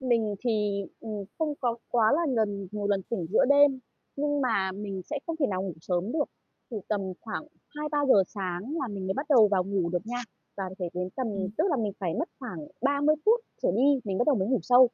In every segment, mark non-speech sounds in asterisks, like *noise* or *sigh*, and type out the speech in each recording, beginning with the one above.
Mình thì, ừm, không có quá là ngần nhiều lần tỉnh giữa đêm nhưng mà mình sẽ không thể nào ngủ sớm được, thì tầm khoảng 2:00-3:00 sáng là mình mới bắt đầu vào ngủ được nha. Và phải đến tầm Ừm. tức là mình phải mất khoảng 30 phút trở đi, mình bắt đầu mới ngủ sâu.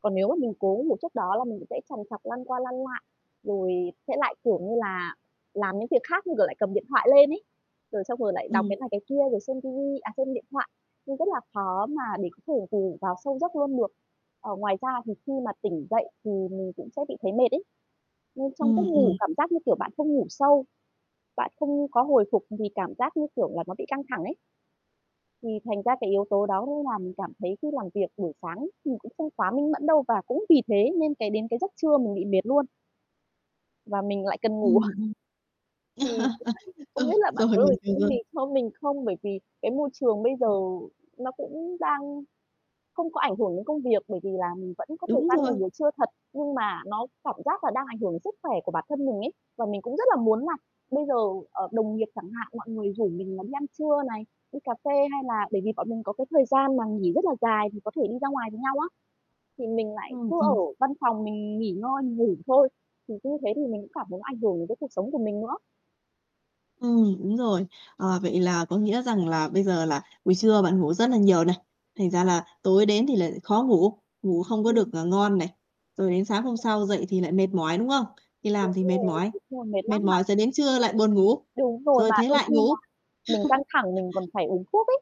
Còn nếu mà mình cố ngủ trước đó là mình cũng sẽ trằn trọc, lăn qua lăn lại, rồi sẽ lại, kiểu như là, làm những việc khác, như kiểu, lại cầm điện thoại lên ấy. Rồi xong rồi lại đọc Ừm. cái này cái kia, rồi xem ti vi à, xem điện thoại, nên rất là khó mà để có thể ngủ vào sâu giấc luôn được. Ờ, ngoài ra thì khi mà tỉnh dậy thì mình cũng sẽ bị thấy mệt ấy. Nên trong giấc Ừm, ngủ ừm. cảm giác như kiểu bạn không ngủ sâu, bạn không có hồi phục vì cảm giác, như kiểu là, nó bị căng thẳng ấy. Thì thành ra cái yếu tố đó nó làm cảm thấy khi làm việc buổi sáng thì cũng không quá minh mẫn đâu và cũng vì thế nên cái đến cái giấc trưa mình bị mệt luôn và mình lại cần ngủ. Ừm, *chuckles* ừm. Thì *laughs* không Ừ, biết là bạn rồi, có mình lời hiểu khuyên rồi. gì cho mình không? Bởi vì cái môi trường bây giờ Ừm. nó cũng đang không có ảnh hưởng đến công việc, bởi vì là mình vẫn có thời Đúng gian rồi. nghỉ buổi trưa thật. Nhưng mà nó cảm giác là đang ảnh hưởng đến sức khỏe của bản thân mình ấy, và mình cũng rất là muốn là bây giờ, ờ, đồng nghiệp chẳng hạn, mọi người rủ mình là đi ăn trưa này, đi cà phê hay là bởi vì bọn mình có cái thời gian mà nghỉ rất là dài thì có thể đi ra ngoài với nhau á, thì mình Ờ, lại cứ ở ừm. văn phòng mình nghỉ ngơi, mình ngủ thôi. Thì cứ thế thì mình cũng cảm thấy nó ảnh hưởng đến cái cuộc sống của mình nữa. Ừm, đúng rồi. À, vậy là có nghĩa rằng là bây giờ là buổi trưa bạn ngủ rất là nhiều này, thành ra là tối đến thì lại khó ngủ, ngủ không có Ừm. được, à, ngon này. Rồi đến sáng hôm sau dậy thì lại mệt mỏi, đúng không? Đi làm Đúng thì mệt rồi. mỏi, Đúng rồi, mệt mệt lắm mà mỏi rồi đến trưa lại buồn ngủ, Đúng rồi, rồi mà thế đôi lại khi ngủ. là mình căng *chuckles* thẳng mình còn phải uống thuốc ấy.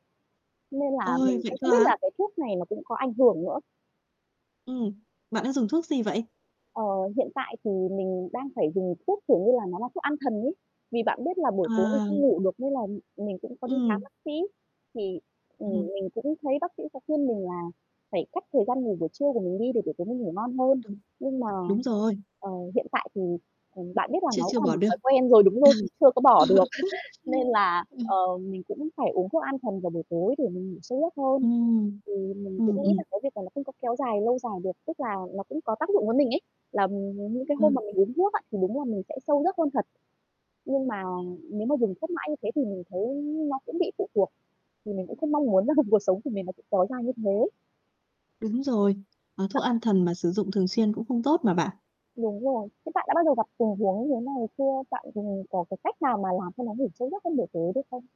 Nên là Ôi! mình Vậy cũng cơ không biết á? là cái thuốc này nó cũng có ảnh hưởng nữa. Ừm. Bạn đang dùng thuốc gì vậy? Ờ, hiện tại thì mình đang phải dùng thuốc, kiểu như là, nó là thuốc an thần ấy. Vì bạn biết là buổi tối mình À. không ngủ được nên là m mình cũng có đi khám Ừm. bác sĩ. Thì, ừm, Ừm hừm. mình cũng thấy bác sĩ có khuyên mình là phải cắt thời gian ngủ buổi trưa của mình đi để buổi tối mình ngủ ngon hơn. Đúng. Nhưng mà, Đúng rồi. ờ, hiện tại thì, ừm, bạn biết là Chưa nó chưa cũng là bỏ một được. thói quen rồi đúng rồi, mình chưa có bỏ được. *chuckles* Nên *laughs* là, Ờ. ờ, mình cũng phải uống thuốc an thần vào buổi tối để mình ngủ sâu giấc hơn. Ừm. Thì mình Ừm, cũng nghĩ ừm. là cái việc là nó không có kéo dài lâu dài được, tức là nó cũng có tác dụng với mình ấy, là những cái hôm Ừ. mà mình uống thuốc á, thì đúng là mình sẽ sâu giấc hơn thật. Nhưng mà nếu mà dùng thuốc mãi như thế thì mình thấy nó cũng bị phụ thuộc, thì mình cũng không mong muốn là cuộc sống của mình nó sẽ kéo dài như thế. Đúng rồi. À, thuốc *unintelligible* an thần mà sử dụng thường xuyên cũng không tốt mà bạn. Đúng rồi. Thế bạn đã bao giờ gặp tình huống như thế này chưa? Bạn dùng có cái cách nào mà làm cho nó ngủ sâu giấc trong buổi tối được không?